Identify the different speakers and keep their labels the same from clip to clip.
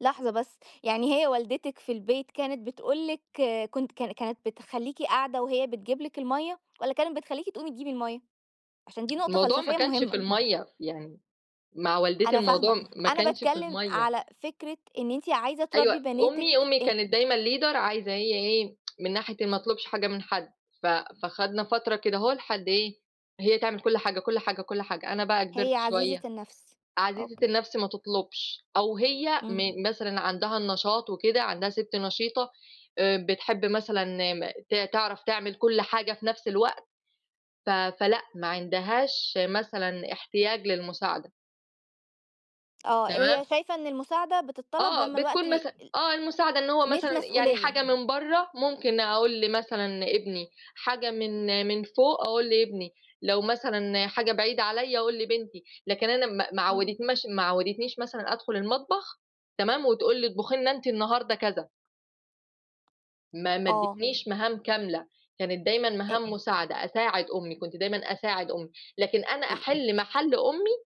Speaker 1: لحظة بس، يعني هي والدتِك في البيت كانت بتقول لِك كنت كان كانت بتخليكِ قاعدة وهي بتجيب لِك المَيَّة، والّا كانت بتخليكِ تقومي تجيبي المَيَّة؟ عشان دي نقطة
Speaker 2: الموضوع ما
Speaker 1: فلسفية
Speaker 2: كانش في
Speaker 1: مهمة.
Speaker 2: المَيَّة، يعني مع والدتي
Speaker 1: أنا فاهمة.
Speaker 2: الموضوع ما
Speaker 1: أنا
Speaker 2: كانش في
Speaker 1: باتكلّم
Speaker 2: المَيَّة.
Speaker 1: على فكرة إن أنتِ عايزة
Speaker 2: أيوه.
Speaker 1: تربّي بناتِك
Speaker 2: أمي أمي
Speaker 1: إن
Speaker 2: كانت دايمًا leader عايزة هي إيه، من ناحية إن ما أطلُبش حاجة من حد. ف فخدنا فترة كدهو لحد إيه، هي تعمل كل حاجة، كل حاجة، كل حاجة. أنا بقى
Speaker 1: هي
Speaker 2: كِبرت
Speaker 1: عزيزة
Speaker 2: شويّة
Speaker 1: النَفْس.
Speaker 2: عزيزة
Speaker 1: أوكي.
Speaker 2: النفْس ما تطلُبش، أو هي
Speaker 1: إمم.
Speaker 2: من مثلًا عندها النشاط وكده، عندها سِت نشيطة، آآ بتحِب مثلًا م ت تعرف تعمل كل حاجة في نَفْس الوقت، ف فلأ ما عندهاش مثلًا احتياج للمساعدة.
Speaker 1: آه.
Speaker 2: تمام؟
Speaker 1: هي شايفة إن المساعدة بتتطلب
Speaker 2: آه.
Speaker 1: لمّا الوقت
Speaker 2: بتكون مثلًا آه المساعدة. إن
Speaker 1: [unintelligible]
Speaker 2: هو
Speaker 1: مش
Speaker 2: مثلًا يعني
Speaker 1: مسؤولية.
Speaker 2: حاجة من برّه ممكن أقول لمثلًا لابني، حاجة من من فوق، أقول لابني، لو مثلًا حاجة بعيدة عليّا أقول لبنتي، لكن أنا ما ما
Speaker 1: إمم.
Speaker 2: عوّدتناش ما عوّدتنيش مثلًا أدخُل المطبخ تمام؟ وتقول لي اطبُخي لنا أنتِ النهارده كذا. ما ما
Speaker 1: آه.
Speaker 2: إدّيتنيش مهام كاملة، كانت دايمًا
Speaker 1: أ
Speaker 2: مهام مساعدة، أساعد أمي، كنت دايمًا أساعد أمي، لكن أنا
Speaker 1: ال
Speaker 2: أحِل مَحَل أمي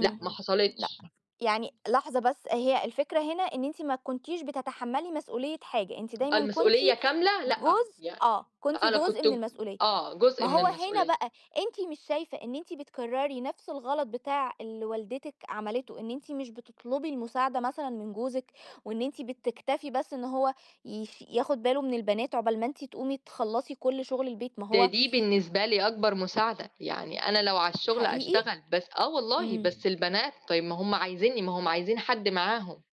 Speaker 2: لأ، ما
Speaker 1: لأ.
Speaker 2: حصلتش.
Speaker 1: يعني لحظة بس، هي الفكرة هنا إن أنتِ ما كنتيش بتتحمّلي مسؤوليّة حاجة، أنتِ دايمًا كنتِ
Speaker 2: المسؤولية كاملة لأ،
Speaker 1: جزء
Speaker 2: يع
Speaker 1: آه. كنتِ
Speaker 2: أنا
Speaker 1: جزء
Speaker 2: كنت
Speaker 1: من
Speaker 2: ج
Speaker 1: المسؤوليّة.
Speaker 2: آه،
Speaker 1: ما
Speaker 2: جزء من
Speaker 1: هو هنا
Speaker 2: المسؤولية.
Speaker 1: بقى، أنتِ مش شايفة إن أنتِ بتكرّري نَفْس الغلط بتاع اللي والدتِك عملته إن أنتِ مش بتطلبُي المساعدة مثلًا من جوزِك، وإن أنتِ بتكتفي بس إن هو يف ياخُد باله من البنات عقبال ما أنتِ تقومي تخلّصي كل شُغل البيت ما
Speaker 2: ده
Speaker 1: هو
Speaker 2: دي بالنسبة لي أكبر مساعدة. يعني أنا لو على الشُغل
Speaker 1: حقيقي؟
Speaker 2: أشتغل، بس آه والله.
Speaker 1: إمم.
Speaker 2: بس البنات، طيب ما هم عايزينِّي، ما هم عايزين حد معاهم.